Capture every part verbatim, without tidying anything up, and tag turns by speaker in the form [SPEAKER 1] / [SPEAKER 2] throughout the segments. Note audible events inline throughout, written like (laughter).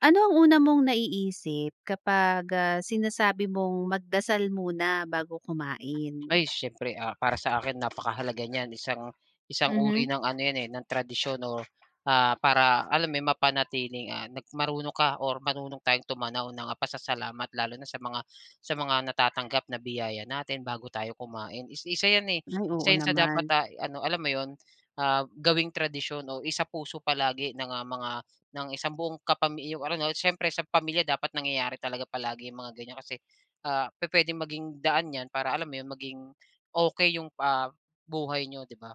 [SPEAKER 1] Ano ang una mong naiisip, kapag, ah, sinasabi mong, "Magdasal muna bago kumain."
[SPEAKER 2] Ay, siyempre, ah, para sakin napakahalaga niyan isang isang uri
[SPEAKER 1] Mhm.
[SPEAKER 2] ng ano yan, eh, ng tradisyon o, ah, para alam mo yun mapanatiling, ah, na marunong ka, or marunong tayong tumanaw ng, ah, pasasalamat lalo na sa mga sa mga natatanggap na biyaya natin bago tayo kumain, is isa yan, eh.
[SPEAKER 1] Ay, oo
[SPEAKER 2] Isa yan sa dapat,
[SPEAKER 1] naman.
[SPEAKER 2] ah, i-ano alam mo yun, ah, gawing tradisyon o isapuso palagi ng, ah, mga ng isang buong kapami yung ano 'no siyempre sa pamilya dapat nangyayari talaga palagi yung mga ganiyan kasi, ah, pu-puwedeng maging daan yan para alam mo yung maging ,okey yung pa ah, buhay niyo, di ba?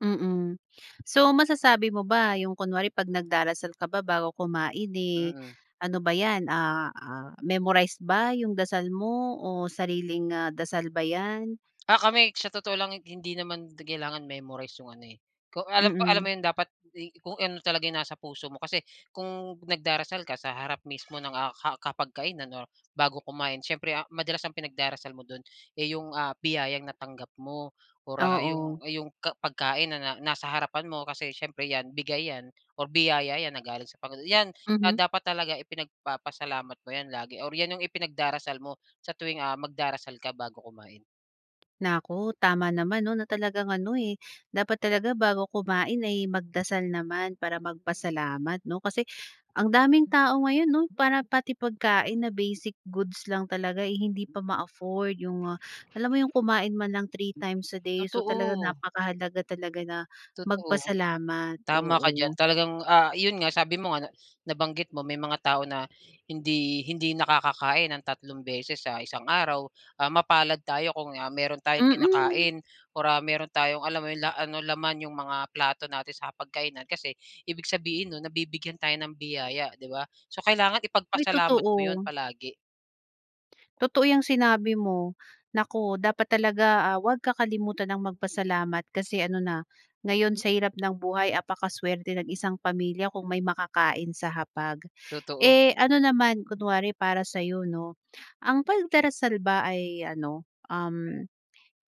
[SPEAKER 1] Mm, so masasabi mo ba yung kunwari pag nagdarasal ka ba bago kumain, eh,
[SPEAKER 2] Mm.
[SPEAKER 1] ano ba yan, ah ah, memorize ba yung dasal mo, o sariling, ah, dasal ba yan?
[SPEAKER 2] Ah, kami sa totoo lang, eh, hindi naman di kailangan memorize yung ano, eh, kung alam mo alam mo
[SPEAKER 1] Mm.
[SPEAKER 2] yung dapat eh, kung ano talaga yung nasa puso mo, kasi kung nagdarasal ka sa harap mismo ng, ah, ka kapag kainan or bago kumain. Siyempre, ah, madalas ang pinagdarasal mo dun, eh, yung, ah, biyayang natanggap mo or, ah, yung
[SPEAKER 1] Oo.
[SPEAKER 2] ah, yung ka pagkain na nasa harapan mo kasi siyempre yan bigay yan, or biyaya yan na galing sa panginoon yan, ah,
[SPEAKER 1] Mhm.
[SPEAKER 2] dapat talaga ipinagpapasalamat mo yan lagi, or yan yung ipinagdarasal mo sa tuwing, ah, magdarasal ka bago kumain.
[SPEAKER 1] Naku, tama naman, 'no, na talagang ano, eh, dapat talaga bago kumain ay magdasal naman para magpasalamat, 'no? Kasi ang daming tao ngayon, 'no? Para pati pagkain na basic goods lang talaga, eh, hindi pa ma-afford 'yong, ah, alam mo yung kumain man lang three times a day. So, talagang
[SPEAKER 2] Totoo.
[SPEAKER 1] napakahalaga talaga na
[SPEAKER 2] Totoo.
[SPEAKER 1] magpasalamat.
[SPEAKER 2] Tama ka diyan
[SPEAKER 1] Oo.
[SPEAKER 2] talagang, ah, 'yon nga sabi mo nga na nabanggit mo may mga tao na hindi hindi nakakakain ng tatlong beses sa isang araw. Ah, mapalad tayo kung, ah, meron tayong
[SPEAKER 1] Mm.
[SPEAKER 2] kinakain or ah, meron tayong, alam mo 'yon la ano, laman 'yong mga plato natin sa hapagkainan. Kasi ibig sabihin nun nabibigyan tayo ng biyaya, 'di ba? So, kailangan
[SPEAKER 1] May
[SPEAKER 2] ipagpasalamat mo 'yon
[SPEAKER 1] totoo.
[SPEAKER 2] palagi.
[SPEAKER 1] Totoo 'yang sinabi mo. Naku dapat talaga, ah, huwag kakalimutan ang magpasalamat kasi ano na ngayon sa hirap ng buhay apaka-swerte ng isang pamilya kung may makakain sa hapag.
[SPEAKER 2] Totoo.
[SPEAKER 1] Eh, ano naman kunwari para sa'yo, 'no, ang pagdarasal ba ay ano, um,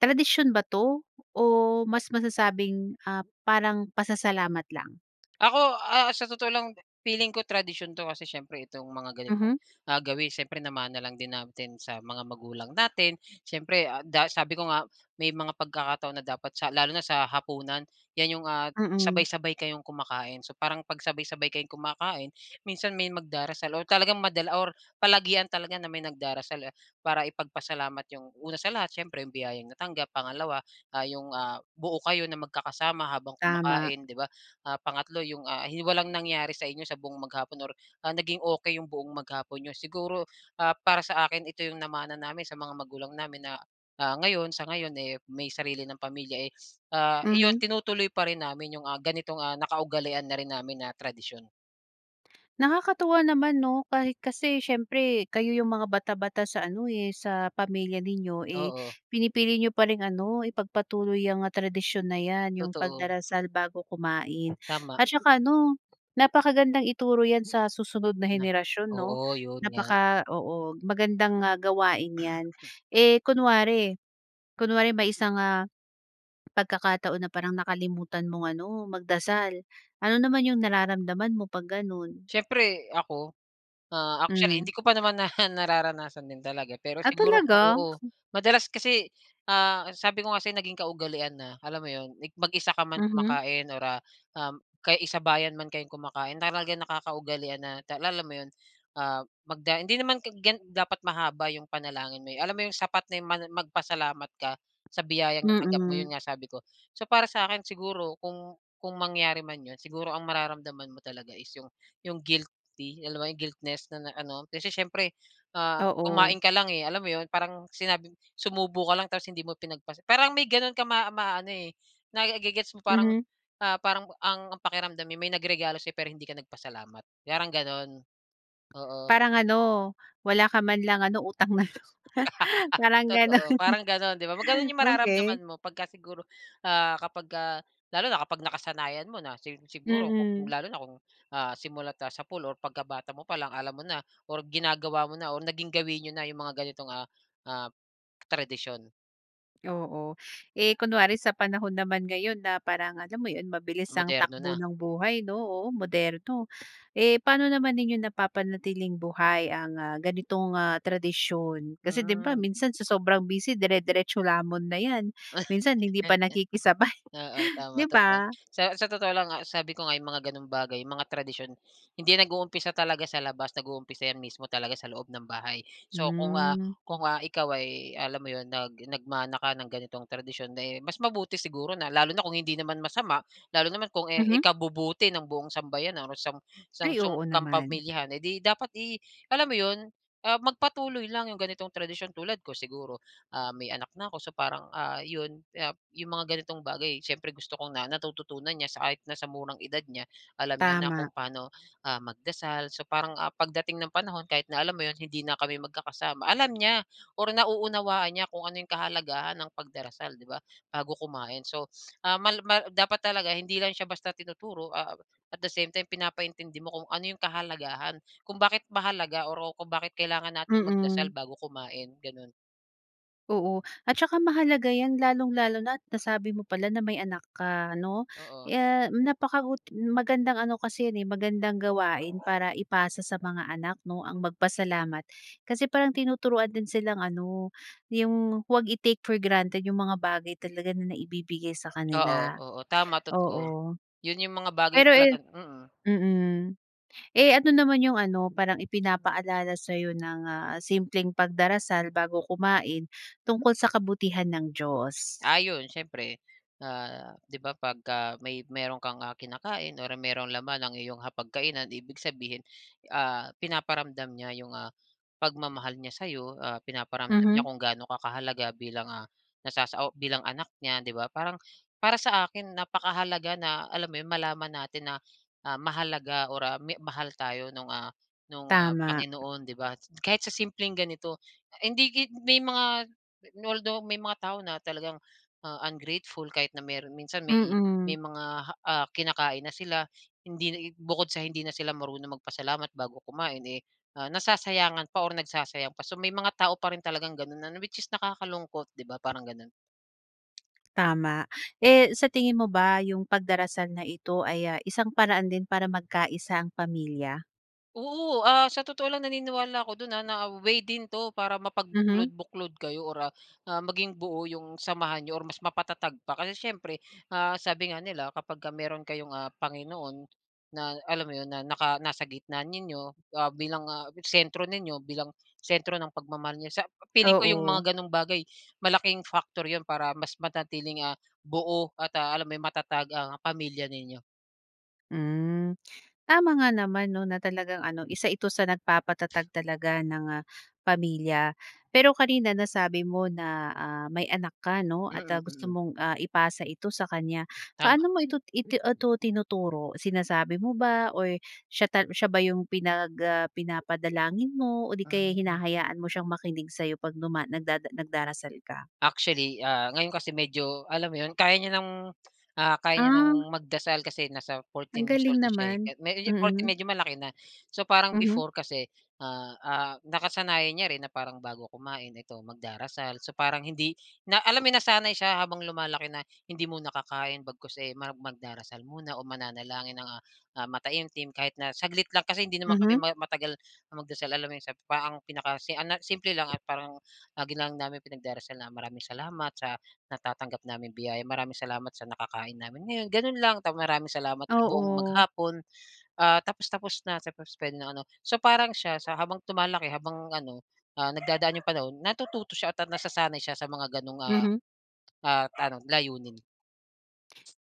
[SPEAKER 1] tradisyon ba 'to o mas masasabing, ah, parang pasasalamat lang?
[SPEAKER 2] Ako, ah, sa totoo lang de feeling ko tradisyon 'to kasi siyempre itong mga ganitong,
[SPEAKER 1] Mhm.
[SPEAKER 2] ah, gawi siyempre namana lang din natin sa mga magulang natin. Siyempre, ah, da sabi ko nga may mga pagkakataon na dapat sa lalo na sa hapunan, yan 'yong, ah,
[SPEAKER 1] Mm.
[SPEAKER 2] sabay-sabay kayong kumakain. So, parang pag sabay-sabay kayong kumakain, minsan may magdarasal o talagang madala or palagian talaga na may nagdarasal, eh. Para ipagpasalamat 'yong una sa lahat siyempre 'yong biyayang natanggap, pangalawa, ah, 'yong, ah, buo kayo na magkakasama habang
[SPEAKER 1] Tama.
[SPEAKER 2] kumakain, 'di ba? Ah, pangatlo 'yong, ah, hi walang nangyari sa inyo sa buong maghapon or ah, naging okey 'yong buong maghapon niyo. Siguro, ah, para sa akin ito 'yong namana namin sa mga magulang namin na, ah, ngayon sa ngayon, eh, may sarili ng pamilya, eh, ah, iyon
[SPEAKER 1] Mhm.
[SPEAKER 2] tinutuloy pa rin namin 'yong, ah, ganitong, ah, naka-ugalian na rin namin na tradisyon.
[SPEAKER 1] Nakakatuwa naman, 'no? Kahit, kasi, siyempre, kayo yung mga bata-bata sa ano, eh, sa pamilya ninyo, eh,
[SPEAKER 2] Oo.
[SPEAKER 1] pinipili niyo pa ring ano, ipagpatuloy yang, ah, tradisyon na 'yan, yung
[SPEAKER 2] Totoo.
[SPEAKER 1] pagdarasal bago kumain.
[SPEAKER 2] Tama.
[SPEAKER 1] At 'tsaka ano, napakagandang ituro 'yan sa susunod na
[SPEAKER 2] Na.
[SPEAKER 1] henerasyon, 'no?
[SPEAKER 2] Oo, 'yon nga.
[SPEAKER 1] Napaka, oo, magandang, ah, gawain 'yan. Eh, kunwari kunwari may isang, ah, pagkakataon na parang nakalimutan mong ano, magdasal, ano naman yung nararamdaman mo 'pag ganun?
[SPEAKER 2] Siyempre ako, ah, actually
[SPEAKER 1] Hmm.
[SPEAKER 2] hindi ko pa naman na nararanasan din talaga. Pero
[SPEAKER 1] Ah,
[SPEAKER 2] siguro kung,
[SPEAKER 1] talaga?
[SPEAKER 2] oo, madalas kasi, ah, sabi ko nga sa 'yo naging kaugalian na, alam mo 'yon, like mag-isa ka man
[SPEAKER 1] Mhm.
[SPEAKER 2] kumakain or, ah, um, kaya eh, sabayan man kayong kumakain talaga nakakaugalian na tal alam mo 'yon, ah, magda hindi naman tig gan dapat mahaba yung panalangin mo eh, alam mo yung sapat na yung man magpasalamat ka sa biyayang natanggap mo,
[SPEAKER 1] Mhm.
[SPEAKER 2] 'yon nga sabi ko. So, para sa akin, siguro kung kung mangyari man 'yon, siguro ang mararamdaman mo talaga is, yung yung guilty, alam mo 'yon, guiltness ng, ah, ano. Kasi, siyempre
[SPEAKER 1] Oo.
[SPEAKER 2] kumain ka lang, eh, alam mo 'yon, parang sinabi sumubo ka lang tapos hindi mo pinagpas parang may gano'n ka maa maano eh, naige-gets mo parang,
[SPEAKER 1] Mhm.
[SPEAKER 2] ah, parang ang ang pakiramdam eh, may nagregalo sa 'yo pero hindi ka nagpasalamat, parang gano'n, oo.
[SPEAKER 1] Parang ano, wala ka man lang ano, utang na loob, (chuckles)
[SPEAKER 2] (laughs)
[SPEAKER 1] parang ganun.
[SPEAKER 2] Totoo. Parang ganun, 'di ba? Pag ganun
[SPEAKER 1] (chuckles)
[SPEAKER 2] yung
[SPEAKER 1] Okay.
[SPEAKER 2] mararamdaman mo, pagka siguro, ah, kapagka lalo na kapag nakasanayan mo na, sig siguro kung
[SPEAKER 1] Mhm.
[SPEAKER 2] lalo na kung, ah, simula tapos sapul or pagkabata mo palang alam mo na or ginagawa mo na or naging gawin niyo na yung mga ganitong, ah, ah, tradisyon.
[SPEAKER 1] Oo. Eh, kunwari sa panahon naman ngayon na parang alam mo yun mabilis ang
[SPEAKER 2] Moderno
[SPEAKER 1] takbo
[SPEAKER 2] na.
[SPEAKER 1] ng buhay no, oo moderno, eh, pa'no naman ninyo napapanatiling buhay ang, ah, ganitong, ah, tradisyon? Kasi di ba
[SPEAKER 2] Hmm.
[SPEAKER 1] minsan sa sobrang busy dere-deretso lamon na yan, minsan hindi pa
[SPEAKER 2] (chuckles)
[SPEAKER 1] nakikisabay
[SPEAKER 2] Oo,
[SPEAKER 1] (chuckles)
[SPEAKER 2] tama,
[SPEAKER 1] di
[SPEAKER 2] totoo.
[SPEAKER 1] ba?
[SPEAKER 2] Sa sa totoo lang nga, sabi ko nga yung mga ganong bagay, mga tradisyon, hindi yan nag-uumpisa talaga sa labas nag-uumpisa 'yan mismo talaga sa loob ng bahay. So kung, ah
[SPEAKER 1] Hmm.
[SPEAKER 2] kung, ah, ikaw ay alam mo 'yon nag nagmana ka ng ganitong tradisyon, di mas mabuti siguro na lalo na kung hindi naman masama, lalo naman kung, eh,
[SPEAKER 1] Mhm?
[SPEAKER 2] ikabubuti ng buong sambayanan o sang
[SPEAKER 1] Ay,
[SPEAKER 2] sang song
[SPEAKER 1] oo naman.
[SPEAKER 2] kampamilyahan eh, 'di dapat, eh alam mo 'yon, ah, magpatuloy lang 'yong ganitong tradisyon, tulad ko siguro, ah, may anak na ako, so parang, ah, 'yon yap 'yong mga ganitong bagay siyempre gusto kong na natututunan niya, sa kahit na sa murang edad niya, alam niya na
[SPEAKER 1] Tama.
[SPEAKER 2] kung paano, ah, magdasal, so parang, ah, pagdating ng panahon kahit na alam mo 'yon hindi na kami magkakasama, alam niya, or nauunawaan niya kung ano 'yong kahalagahan ng pagdarasal 'di ba, bago kumain so, um, mal mal dapat talaga hindi lang siya basta tinuturo, ah, at the same time pinapaintindi mo kung ano 'yong kahalagahan, kung bakit mahalaga, or o kung bakit kailangan nating magdasal
[SPEAKER 1] Mm.
[SPEAKER 2] bago kumain, gano'n.
[SPEAKER 1] Oo, at saka mahalaga 'yan lalong-lalo na at nasabi mo pala na may anak ka ano.
[SPEAKER 2] Oo.
[SPEAKER 1] Eh, napakabuti magandang ano kasi 'yon, eh, magandang gawain para ipasa sa mga anak 'no ang magpasalamat. Kasi parang tinuturuan din silang ano, 'yong huwag i-take for granted 'yong mga bagay talaga na naibibigay sa
[SPEAKER 2] Oo,
[SPEAKER 1] kanila,
[SPEAKER 2] oo, tama, totoo.
[SPEAKER 1] oo.
[SPEAKER 2] 'Yon 'yong mga bagay
[SPEAKER 1] Pero
[SPEAKER 2] talaga
[SPEAKER 1] ayan
[SPEAKER 2] mm.
[SPEAKER 1] mm. Eh, ano naman 'yong ano parang ipinapaalala sa'yo ng, ah, simpleng pagdarasal bago kumain tungkol sa kabutihan ng Diyos?
[SPEAKER 2] Ah, 'yon siyempre, ah, 'di ba 'pagka may mayroon kang, ah, kinakain or mayroong laman ang iyong hapag-kainan ibig sabihin, ah, pinaparamdam niya 'yong, ah, pagmamahal niya sa'yo. Ah, pinaparamdam niya
[SPEAKER 1] Mhm.
[SPEAKER 2] kung ga'no ka kahalaga bilang, ah, nasasa bilang anak niya 'di ba? Parang, para sa akin napakahalaga na alam mo 'yon malaman natin na, ah, mahalaga or, ah, mi mahal tayo no'ng, ah, no'ng, ah,
[SPEAKER 1] Tama.
[SPEAKER 2] Panginoon, 'di ba? Kahit sa simpleng ganito hindi git may mga although may mga tao na talagang, ah, ungrateful kahit na mayroon minsan may may
[SPEAKER 1] Mm.
[SPEAKER 2] mga ha ah, kinakain na sila. Hindi bukod sa hindi na sila marunong magpasalamat bago kumain, eh, ah, nasasayangan pa or nagsasayang pa. So may mga tao pa rin talagang gano'n ano, which is nakakalungkot, 'di ba parang gano'n.
[SPEAKER 1] Tama. Eh, sa tingin mo ba 'yong pagdarasal na ito ay, ah, isang paraan din para magkaisa ang pamilya?
[SPEAKER 2] Oo, ah, sa totoo lang naniniwala ako do'n, ah, na way din 'to para
[SPEAKER 1] Mhm.
[SPEAKER 2] mapagbuklod-buklod kayo or ah, ah, maging buo yung samahan n'yo or mas mapatatag pa. Kasi siyempre, ah, sabi nga nila, kapag ka mayro'n kayong, ah, Panginoon na alam mo 'yun, na naka nasa gitna ninyo, ah, bilang, ah, sentro ninyo, bilang sentro ng pagmamahal niya sa feeling ko yung
[SPEAKER 1] Oo.
[SPEAKER 2] mga gano'ng bagay malaking factor 'yun para mas manatiling, ah, buo at, ah, alam mo 'yun matatag, ang pamilya ninyo.
[SPEAKER 1] Hmm, tama nga naman 'no, na talagang ano, isa ito sa nagpapatatag talaga ng, ah, pamilya. Pero kanina nasabi mo na, ah, may anak ka 'no, at
[SPEAKER 2] Mm,
[SPEAKER 1] ah, gusto
[SPEAKER 2] mm.
[SPEAKER 1] mong, ah, ipasa ito sa kanya. Paano
[SPEAKER 2] Tama.
[SPEAKER 1] mo ito iti itu tinuturo? Sinasabi mo ba, or siya ta siya ba yung pinag ah, pinapadalangin mo? O 'di kaya'y
[SPEAKER 2] Hmm.
[SPEAKER 1] hinahayaan mo siyang makinig sa'yo 'pag duma nagdada nagdarasal ka?
[SPEAKER 2] Actually, ah, ngayon kasi medyo alam mo 'yun kaya niya ng, ah, kaya niya ng
[SPEAKER 1] Ah.
[SPEAKER 2] magdasal kasi nasa
[SPEAKER 1] Ang
[SPEAKER 2] fourteen years
[SPEAKER 1] galing
[SPEAKER 2] old na siya, eh,
[SPEAKER 1] naman.
[SPEAKER 2] kahit medyo fourteen,
[SPEAKER 1] Mm.
[SPEAKER 2] medyo malaki na. So parang
[SPEAKER 1] Mhm.
[SPEAKER 2] before kasi, ah, ah, nakasanayan niya rin na parang bago kumain, ito magdarasal. So parang hindi na alam mo yung nasanay siya habang lumalaki na hindi muna kakain bagkus, eh, mag magdarasal muna o mananalangin ng, ah, ah, mataimtim kahit na saglit lang kasi hindi naman kami
[SPEAKER 1] Mhm.
[SPEAKER 2] ma matagal na magdasal alam mo 'yun, sa parang ang pinakasi ah, na simple lang, eh, parang lagi lang namin pinagdarasal na maraming salamat sa natatanggap naming biyaya, maraming salamat sa nakakain namin ngayon, gano'n lang tap maraming salamat sa buong
[SPEAKER 1] Oo.
[SPEAKER 2] maghapon, ah, tapos, tapos na. Tapos puwede ng ano. So parang siya sa habang tumalaki, habang ano, ah, nagdadaan yung panahon natututo siya at nasasanay siya sa mga gano'ng, ah,
[SPEAKER 1] Mhm.
[SPEAKER 2] ah, ano layunin.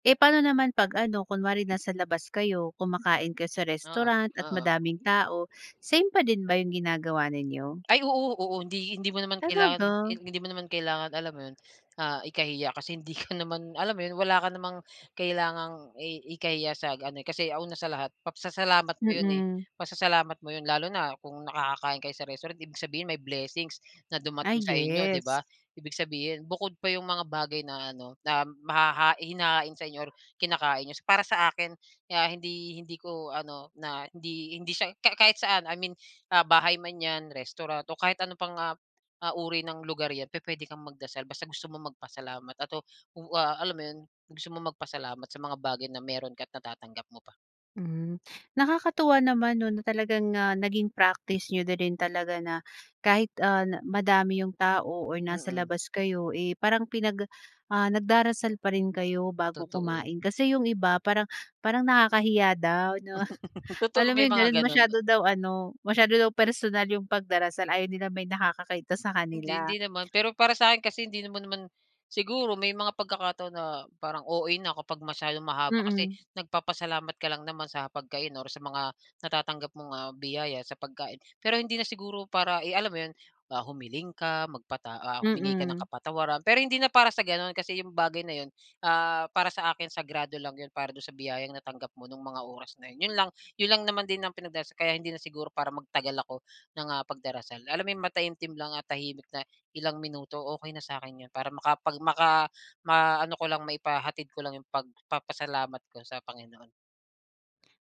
[SPEAKER 1] Eh, paano naman 'pag ano, kunwari nasa labas kayo, kumakain kayo sa
[SPEAKER 2] Oo,
[SPEAKER 1] restaurant at
[SPEAKER 2] oo.
[SPEAKER 1] madaming tao, same pa din ba yung ginagawa ninyo?
[SPEAKER 2] Ay, oo. Oo, hindi hindi mo naman kailangan
[SPEAKER 1] Talaga?
[SPEAKER 2] hindi mo naman kailangan alam mo 'yun, ah, ikahiya kasi hindi ka naman alam mo 'yun, wala ka namang kailangang i ikahiya sa ano, eh, kasi una sa lahat pagsasalamat mo yun, eh,
[SPEAKER 1] Mm.
[SPEAKER 2] pasasalamat mo 'yun lalo na kung nakakakain kayo sa restaurant, ibig sabihin may blessings na
[SPEAKER 1] Ah,
[SPEAKER 2] dumating sa inyo,
[SPEAKER 1] yes.
[SPEAKER 2] 'di ba? Ibig sabihin bukod pa yung mga bagay na ano, na mahahain hinahain sa inyo or kinakain ninyo. Para sa akin, ah, hindi hindi ko ano na hindi hindi siya ka kahit saan I mean, ah, bahay man 'yan, restaurant o kahit ano pang, ah, ah, uri ng lugar 'yan pupuwede kang magdasal basta gusto mong magpasalamat at ah, wa alam mo 'yun gusto mo magpasalamat sa mga bagay na mayro'n ka at natatanggap mo pa.
[SPEAKER 1] Hmm, nakakatuwa naman 'no, na talagang, ah, naging practice niyo na rin talaga na kahit, ah, madami yung tao or nasa
[SPEAKER 2] Mm.
[SPEAKER 1] labas kayo, eh, parang pinag ah, nagdarasal pa rin kayo bago
[SPEAKER 2] Totoo.
[SPEAKER 1] kumain. Kasi yung iba parang parang nakakahiya daw 'no.
[SPEAKER 2] (laughs) Totoo,
[SPEAKER 1] Alam mo
[SPEAKER 2] may
[SPEAKER 1] yung
[SPEAKER 2] mga
[SPEAKER 1] gano'n,
[SPEAKER 2] gano'n.
[SPEAKER 1] masyado daw ano, masyado daw personal yung pagdarasal. Ayaw nilang may nakakakita sa
[SPEAKER 2] Hindi,
[SPEAKER 1] kanila.
[SPEAKER 2] hindi naman, pero para sa akin kasi hindi naman mo naman siguro may mga pagkakataon na parang O-A na kapag masyadong mahaba kasi
[SPEAKER 1] Mm.
[SPEAKER 2] nagpapasalamat ka lang naman sa pagkain or sa mga natatanggap mong, ah, biyaya sa pagkain. Pero hindi na siguro para i alam mo 'yun, ah, humiling ka, magpata ah, humingi ka ng
[SPEAKER 1] Mm.
[SPEAKER 2] kapatawaran, pero hindi na para sa gano'n kasi yung bagay na 'yun, ah, para sa akin sagrado lang 'yun para do'n sa biyayang natanggap mo nung mga oras na 'yun. 'Yun lang, 'yun lang naman din ang pinagdarasal kaya hindi na siguro para magtagal ako ng, ah, pagdarasal. Alam mo yung mataimtim lang at tahimik na ilang minuto, okey na sa akin 'yun para makapag maka maano ko lang, maipahatid ko lang yung pagpapasalamat ko sa Panginoon.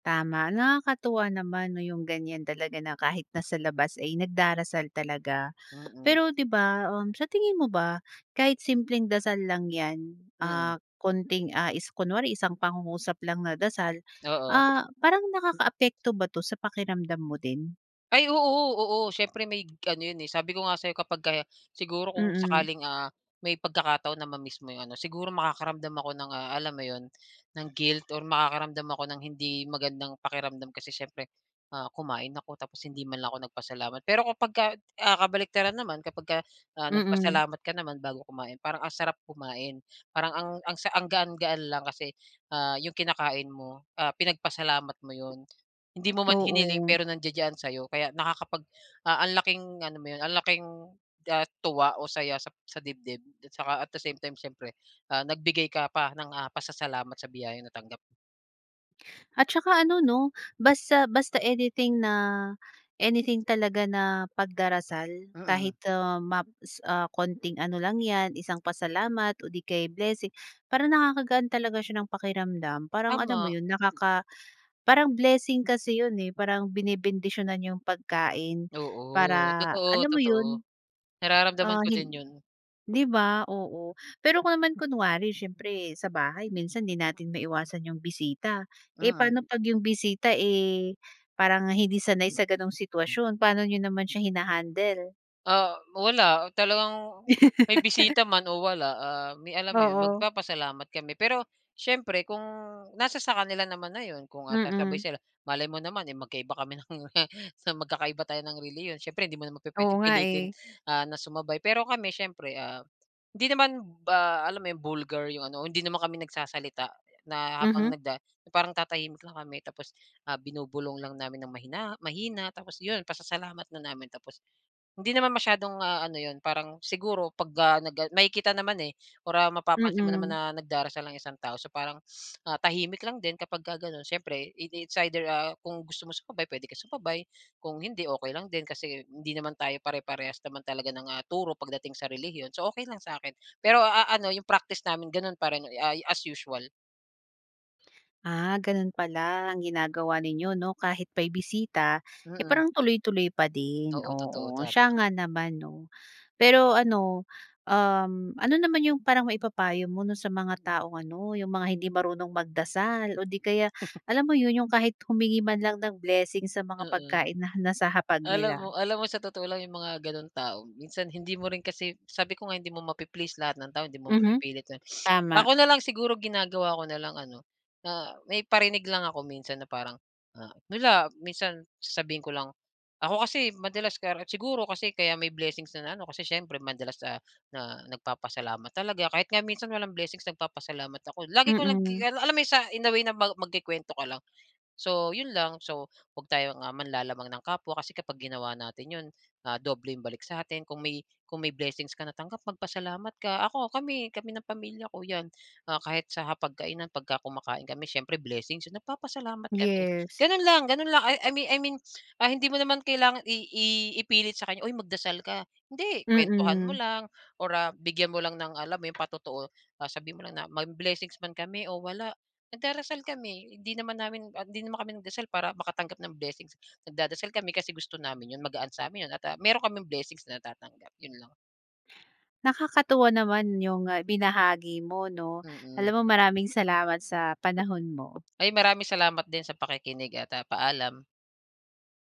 [SPEAKER 1] Tama, nakakatuwa naman, 'no, 'yong ganyan talaga na kahit nasa labas ay nagdarasal talaga.
[SPEAKER 2] Mm.
[SPEAKER 1] Pero, 'di ba, um, sa tingin mo ba, kahit simpleng dasal lang yan,
[SPEAKER 2] Mm.
[SPEAKER 1] ah, konting, ah, is kunwari isang pangungusap lang na dasal,
[SPEAKER 2] Oo.
[SPEAKER 1] ah, parang nakakaapekto ba 'to, sa pakiramdam mo din?
[SPEAKER 2] Ay oo, oo siyempre may ano 'yon eh. Sabi ko nga sa'yo kapagka, siguro kung
[SPEAKER 1] Mm.
[SPEAKER 2] sakaling, ah, may pagkakataon na ma-miss mo 'yong ano, siguro makakaramdam ako ng ah, alam mo 'yon, ng guilt or makakaramdam ako ng hindi magandang pakiramdam kasi siyempre, ah, kumain ako, tapos hindi man lang ako nagpasalamat. Pero kapag ka, ah, kabaliktaran naman, kapagka, ah,
[SPEAKER 1] Mm.
[SPEAKER 2] nagpasalamat ka naman, bago kumain, parang ang sarap kumain. Parang ang ang sa ang gaan-gaan lang kasi, ah, 'yong kinakain mo, ah, pinagpasalamat mo 'yon. Hindi mo man hiniling,
[SPEAKER 1] Oo.
[SPEAKER 2] pero nandiya-diyan sa'yo. Kaya nakakapag, ah, ang laking ano mo 'yon, ang laking, ah, tuwa o saya sa sa dibdib. At tsaka, at the same time, siyempre, ah, nagbigay ka pa ng, ah, pasasalamat sa biyayang natanggap.
[SPEAKER 1] At tsaka ano, 'no, basta basta anything na, anything talaga na, pagdarasal
[SPEAKER 2] Mm.
[SPEAKER 1] kahit, ah, maps ah, konting ano lang yan, isang pasalamat o 'di kaya blessing, parang nakakagaan talaga siya ng pakiramdam. Parang, alam mo
[SPEAKER 2] Tama.
[SPEAKER 1] 'yon, nakaka parang blessing kasi 'yon eh. Parang binebendisyonan 'yong pagkain,
[SPEAKER 2] Oo,
[SPEAKER 1] para,
[SPEAKER 2] totoo,
[SPEAKER 1] alam mo
[SPEAKER 2] totoo.
[SPEAKER 1] 'yon,
[SPEAKER 2] Nararamdaman
[SPEAKER 1] ah,
[SPEAKER 2] ko din
[SPEAKER 1] hin
[SPEAKER 2] 'yon.
[SPEAKER 1] 'di ba, oo. Pero kung naman kunwari siyempre, sa bahay minsan 'di natin maiwasan 'yong bisita, eh,
[SPEAKER 2] Mm.
[SPEAKER 1] paano 'pag 'yong bisita, eh, parang hindi sanay sa gano'ng sitwasyon, paano niyo naman siya hina-handle?
[SPEAKER 2] Ah, wala, talagang may
[SPEAKER 1] (laughs)
[SPEAKER 2] bisita man o wala, ah, may, alam mo 'yon,
[SPEAKER 1] Oo.
[SPEAKER 2] magpapasalamat kami. Pero, siyempre kung nasa sa kanila naman na 'yon, kung sasabay
[SPEAKER 1] Mm.
[SPEAKER 2] sila. Malay mo naman, eh, magkaiba kami ng magkakaiba tayo ng relihiyon, siyempre hindi mo naman
[SPEAKER 1] Oo
[SPEAKER 2] pu-puwedeng
[SPEAKER 1] nga,
[SPEAKER 2] pilitin,
[SPEAKER 1] eh.
[SPEAKER 2] ah, na sumabay. Pero kami siyempre, ah, hindi naman ba alam mo 'yong, vulgar 'yong ano, hindi naman kami nagsasalita na, habang
[SPEAKER 1] Mhm.
[SPEAKER 2] nagda parang tatahimik lang kami tapos, ah, binubulong lang namin ng mahinaho mahina, tapos 'yon, pasasalamat na namin. Tapos hindi naman masyadong, ah, ano 'yon, parang siguro 'pag, ah, nag, ah makikita naman, eh, or, ah, mapapansin mo naman
[SPEAKER 1] Mm.
[SPEAKER 2] na nagdarasal ang isang tao. So, parang, a,h tahimik lang din kapagka gano'n, siyempre, it it's either, ah, kung gusto mo sumabay, puwede ka sumabay, kung hindi, okey lang din, kasi hindi naman tayo pare-parehas naman talaga ng, ah, turo pagdating sa relihiyon. So, okey lang sa akin, pero, ah, ano 'yong practice namin, gano'n pa rin, ah, as usual.
[SPEAKER 1] Ah, ganon pala ang ginagawa ninyo 'no, kahit may bisita, eh,
[SPEAKER 2] Mm.
[SPEAKER 1] parang tuloy-tuloy pa din,
[SPEAKER 2] Oo, totoo
[SPEAKER 1] oo
[SPEAKER 2] tama.
[SPEAKER 1] siya nga naman 'no. Pero ano um, ano naman yung parang maipapayo mo 'no, sa mga taong ano yung mga hindi marunong magdasal, o 'di kaya
[SPEAKER 2] (chuckles)
[SPEAKER 1] alam mo yun, yung kahit humingi man lang ng blessing sa mga
[SPEAKER 2] Mm.
[SPEAKER 1] pagkain na nasa hapag
[SPEAKER 2] Alam
[SPEAKER 1] nila?
[SPEAKER 2] mo alam mo sa totoo lang yung mga gano'ng tao, minsan hindi mo rin kasi sabi ko nga hindi mo mapi-please lahat ng tao, hindi mo
[SPEAKER 1] Mhm,
[SPEAKER 2] mapipilit gan (sniffs)
[SPEAKER 1] tama.
[SPEAKER 2] ako na lang siguro ginagawa ko na lang ano, na may parinig lang ako minsan na parang, ah, wala, minsan sasabihin ko lang, ako kasi madalas ka siguro kasi kaya may blessings na ano kasi siyempre madalas, ah, na nagpapasalamat talaga, kahit nga minsan walang blessings nagpapasalamat ako, lagi ko lang gi
[SPEAKER 1] Mm.
[SPEAKER 2] a alam mo sa in a way na magku-kuwento ka lang. So yun lang, so 'wag tayong, ah, manlalamang ng kapwa kasi kapag ginawa natin yun, ah, dobleng balik sa atin kung may kung may blessings ka natanggap, magpasalamat ka. Ako kami kami ng pamilya ko 'yan, ah, kahit sa hapagkainan pag kumakain kami siyempre blessings yun, nagpapasalamat kami,
[SPEAKER 1] Yes.
[SPEAKER 2] gano'n lang, gano'n lang. I mean I mean, ah, hindi mo naman kailangan i i ipilit sa kanya, "Uy magdasal ka." Hindi, kuwentuhan mo
[SPEAKER 1] Mm.
[SPEAKER 2] lang, or, ah, bigyan mo lang ng alam mo yung patotoo, ah, sabihin mo lang na, "May blessings man kami o wala, nagdarasal kami, hindi naman namin hindi naman kami nagdasal para makatanggap ng blessings. Nagdadasal kami kasi gusto namin yun, magaan sa amin yun at, ah, meron kaming blessings na natatanggap, yun lang."
[SPEAKER 1] Nakakatuwa naman yung binahagi mo no,
[SPEAKER 2] Mm.
[SPEAKER 1] alam mo maraming salamat sa panahon mo.
[SPEAKER 2] Ay, maraming salamat din sa pakikinig at, ah, paalam.